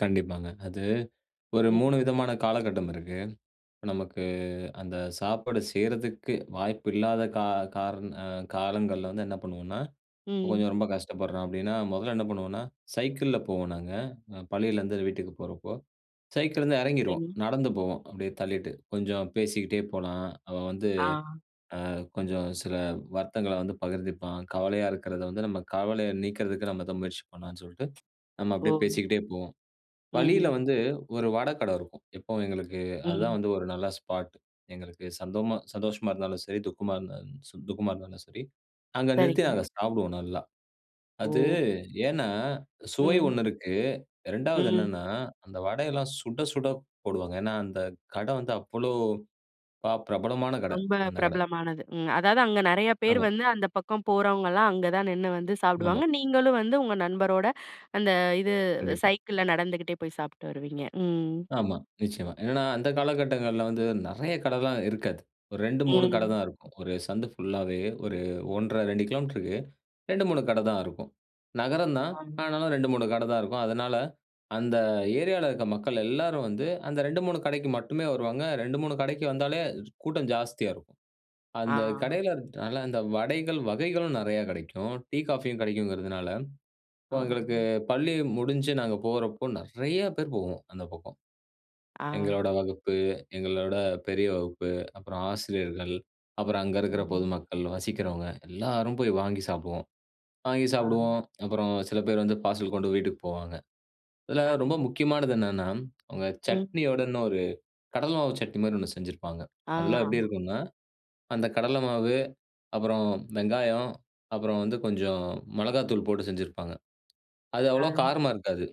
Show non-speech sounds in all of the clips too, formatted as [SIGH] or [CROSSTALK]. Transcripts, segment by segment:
கண்டிப்பாங்க. அது ஒரு ம். 3 விதமான காலகட்டம் இருக்கு. நமக்கு அந்த சாப்பாடு செய்றதுக்கு வாய்ப்பு இல்லாத கா கா காரண அ காலங்கள்ல வந்து என்ன பண்ணுவோனா, இப்ப ம். கொஞ்சம் ரொம்ப கஷ்டப்படுறோம். அப்டீன்னா, மொதல்ல என்ன பண்ணுவோம்னா, சைக்கிள்ல போவோம். நாங்க, பள்ளியிலேருந்து வீட்டுக்கு போறப்போ. சைக்கிள்ல இருந்து எறங்கிருவோம் சரி. நடந்து போவோம். அப்டியே தள்ளிட்டு கொஞ்சம் பேசிட்டே போலாம். அவன் வந்து, ஆ. அ கொஞ்சம் சில வருத்தங்கள வந்து பகிர்ந்துப்பான். கவலையா இருக்கிறத வந்து, நம்ம கவலைய நீக்கிறதுக்கு நம்ம தான் முயற்சி பண்ணலான்னு சொல்ட்டு நம்ம ஓ! அப்டியே பேசிக்கிட்டே போவோம். வழியில ம். வந்து, ஒரு வட கட இருக்கும். எப்பவும் எங்களுக்கு அது ம். தான் வந்து, ஒரு நல்ல ஸ்பாட். எங்களுக்கு சந்தமா சந்தோஷமா இருந்தாலும் சரி, துக்கமா இருந்தாலும் ச துக்கமா இருந்தாலும் சரி. அங்க நிறுத்தி சரிங்க. நாங்க சாப்டுவோம். நல்லா. அது ஓ! ஏனா, சுவை ம். ஒண்ணு இருக்கு. 2 வது ம். என்னென்னா, அந்த வடைல்லாம் சுட சுட போடுவாங்க. ஏனா, அந்த கட வந்து, அவ்ளோ பாப் பிரபலமான கட. ரொம்ப அந்த கட. பிரபலமானது ம். அதாவது, அங்க நெறையா பேர் ஆமா. வந்து, அந்த பக்கம் போறவங்கள்லாம் அங்க தான் நின்னு வந்து ஆமா. சாப்டுவாங்க. நீங்களும் வந்து உங்க நண்பரோட, அந்த இது கண்டிப்பா. சைக்கிள்ல நடந்துகிட்டே போய் சாப்ட்டு வருவீங்க. ம். ஆமா, நிச்சயமா. என்னன்னா, அந்த காலகட்டங்கள்ல வந்து நெறையா கடைலா இருக்காது. ஒரு 2, 3 கட ம். தான் இருக்கும். ஒரு சந்து ஃபுல்லாவே ஒரு 1.5, 2 கிலோமீட்டருக்கு 2, 3 கட தான் இருக்கும். நகரம் தான், ஆமா. ஆனாலும் 2, 3 கட தான் இருக்கும். அதனால அந்த ஏரியால இருக்க மக்கள் எல்லாரும் வந்து அந்த 2, 3 கடைக்கு மட்டுமே வருவாங்க. 2, 3 கடைக்கு வந்தாலே கூட்டம் ஜாஸ்தியா இருக்கும். அந்த ஆ கடையில இருக்கனால அந்த வடைகள் வகைகளும் நெறையா கெடைக்கும். டீ, காஃபியும் கெடைக்குங்கிறதுனால, ஆ. இப்போ எங்களுக்கு பள்ளி முடிஞ்சு நாங்க போறப்போ நெறையா பேர் போவோம். அந்த பக்கம். ஆ. எங்களோட வகுப்பு, எங்களோட பெரிய வகுப்பு, அப்பறம் ஆசிரியர்கள். அப்பறம் அங்க இருக்குற ம். பொதுமக்கள், வசிக்கிறவங்க எல்லாரும் போய் வாங்கி சாப்டுவோம். வாங்கி ஆ. சாப்டுவோம், அப்புறம் சில பேர் வந்து, பார்சல் கொண்டு வீட்டுக்கு போவாங்க. இதுல ரொம்ப [UNINTELLIGIBLE] முக்கியமானது என்னென்னா, அவங்க ம். சட்னியோட இன்னொரு கடல மாவு சட்னி மாரி ஒண்ணு செஞ்சிருப்பாங்க. ஆ. அதெல்லாம் எப்டி இருக்கும்னா? அந்த கடல மாவு அப்பறம் வெங்காயம் அப்பறம் வந்து கொஞ்சம் மிளகாய்த்தூள் போட்டு செஞ்சிருப்பாங்க. அது அவ்வளவா அ. காரமா இருக்காது.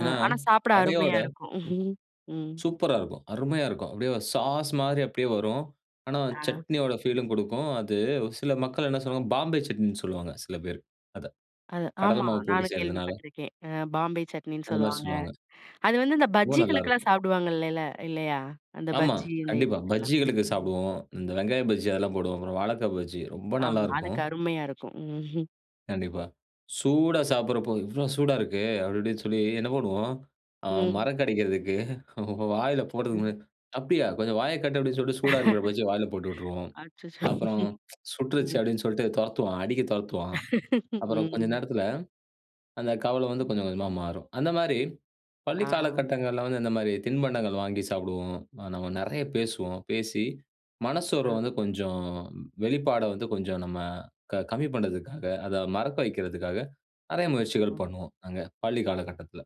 அ ஆனா, ஆனா, சாப்ட அருமையா வடையோட இருக்கும், [CHUCKLES] ம். சூப்பரா இருக்கும். அருமையா இருக்கும். அப்டியே ஒரு சாஸ் மாரி அப்டியே வரும். ஆனா அ. சட்னியோட ஃபீலும் குடுக்கும். அது சில மக்கள் என்ன சொல்லுவாங்க? பாம்பே சட்னின்னு சொல்லுவாங்க. சில பேர் அத, அது கடல ஆமா. மாவு போட்டு நானும் செய்றதுனால. கேள்விபட்டுருக்கேன். அ பாம்பே சட்னின்னு அந்த மாரி சொல்வாங்க. சொல்லுவாங்க. அது வந்து அந்த ரொம்ப நல்லா பஜ்ஜிகளுக்கெல்லாம் இருக்கும். சாப்டுவாங்க இல்லல்ல? இல்லையா? அந்த ஆமா, பஜ்ஜி இந்த கண்டிப்பா. இதுகெல்லாம். பஜ்ஜிகளுக்கு ம். சாப்டுவோம். இந்த வெங்காயம் பஜ்ஜி அதெல்லாம் போடுவோம். அப்பறம் வாழக்கா பஜ்ஜி ரொம்ப நல்லா ஆமா. இருக்கும். அதுக்கு அருமையா இருக்கும். [CHUCKLES] கண்டிப்பா. சூடா சாப்படறப்போ "இவ்ளோ சூடா இருக்கே!" அப்டி இப்டின்னு சொல்லி என்ன பண்ணுவோம். அ ம். மறக்கடைக்கிறதுக்கு வாயில போடுறதுக்கு ம். "அப்டியா! கொஞ்சம் வாய காட்டு." அப்டின்னு சொல்லிட்டு சூடா இருக்குற பஜ்ஜிய வாயில போட்டு [LAUGHS] விட்ருவோம். அச்சச்சோ. [LAUGHS] அப்பறம் "சுட்டுருச்சு!" ம். அப்டின்னு சொல்ட்டு தொரத்துவான். அடிக்க தொரத்துவான். [LAUGHS] அப்பறம் கொஞ்ச ம். நேரத்துல, அந்த கவலை [LAUGHS] வந்து ம். கொஞ்சம் கொஞ்சமா மாறும். அந்த மாரி ஆ. பள்ளிக் காலகட்டங்கள்ல வந்து, இந்த மாரி திண்பண்டங்கள் வாங்கி சாப்டுவோம். ஆ நம்ம நெறையா பேசுவோம். பேசி ஆ. மனசோர்வ வந்து கொஞ்சம் வெளிப்பாட வந்து கொஞ்சம் நம்ம க கம்மி பண்றதுக்காக, அத மறக்க வக்கிறதுக்காக நெறையா முயற்சிகள் ம். பண்ணுவோம். நாங்க பள்ளிக் காலகட்டத்துல.